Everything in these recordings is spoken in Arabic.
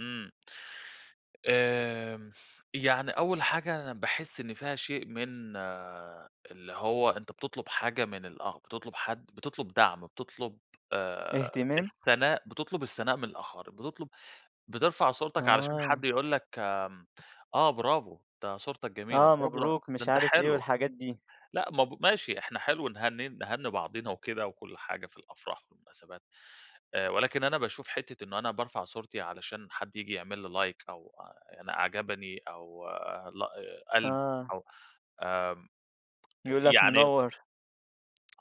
إمم، آمم، يعني أول حاجة أنا باحس إن فيها شيء من اللي هو أنت بتطلُب حاجة من ال آه، بتطُلب حد، بتطلُب دعْم آآ، بتطلُب آآ إهتمام؟ الثناء، بتطلُب الثناء من الآخَر، بتطلُب بترفَع صورتك علشان حد آه. يقول لك آمم، آه برافو، ده صورتك جميلة، آه، برافو ده مبروك، ده مش أنت عارف إيه حلو، والحاجات دي. لأ، ما ب ماشي إحنا حلو نهن نهنّي بعضنا وكده وكلّ حاجة في الأفراح والمناسبات آآ، ولكن أنا باشوف حِتّة إن أنا بارفَع صورتي علشان حد ييجي يعمل لي like أو أنا أعجبني أو آآ لا قلْب آه. أو آمم. يقول لك يعني منوّر.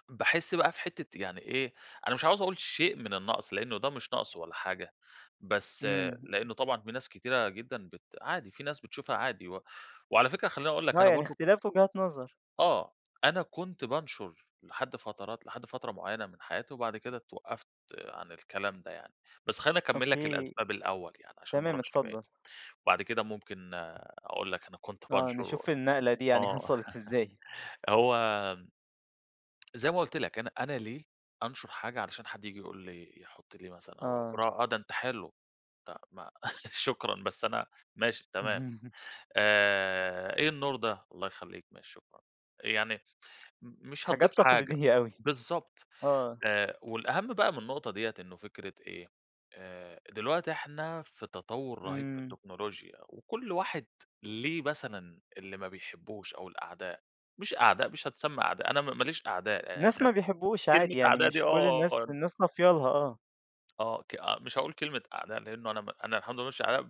باحس بقى في حِتّة يعني إيه، أنا مش عاوز أقول شيء من النقْص، لأنه ده مش نقْص ولا حاجة بس آآ، إمم. لأنه طبعًا في ناس كتيرة جدًا بت عادي، في ناس بتشوفها عادي و وعلى فكرة خلّيني أقول لك آه، أنا يعني برضه إختلاف وجهات نظر. آه، أنا كنت بانشُر لحد فترات، لحد فترة معيّنة من حياتي وبعد كده اتوقّفت عن الكلام ده يعني، بس خلّيني اكمّل ok، لك الأسباب الأول يعني عشان ما تمام، أروحش بعيد، اتفضّل. بَعد كده ممكن أقول لك أنا كنت آه، بانشُر و نشوف النقلة دي يعني آه، حصَلِت إزاي؟ هو زي ما قُلت لك أنا أنا ليه أنشُر حاجة علشان حد ييجي يقول لي يحُط لي مثلًا أو آه. برا آه، ده أنت حلو، طَب ما شكرًا، بس أنا ماشي، تمام، آآ، إيه النور ده، الله يخلّيك، ماشي شكرًا، يعني م مش هتضِيف حاجات حاجة، تقليدية أوي. بالضبط. آه. آآ، والأهم بقى من النقطة دِيّة إنه فكرة إيه آآ، دلوقتي إحنا في تطوُّر رهيب في إمم. التكنولوجيا وكلّ واحد ليه مثلًا اللي ما بيحبهوش أو الأعداء، مش أعداء، مش هتُسمى أعداء، أنا م ما ليش أعداء، يعني الناس أنا ما بيحبهوش كلمة عادي يعني، أعداء دي مش كل آه الناس، [unintelligible] الناس صافية لها، آه. آه، ك أ مش هاقول كلمة أعداء لأنه أنا م أنا الحمد لله ما ليش أعداء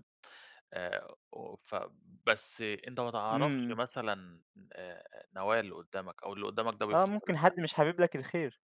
آآ، و ف بس أنت ما تعرفش إمم. مثلًا آآ نوايا اللي قُدّامك أو اللي قُدّامك ده آه، بيفكّر ممكن إزاي. حد مش حابب لك الخير.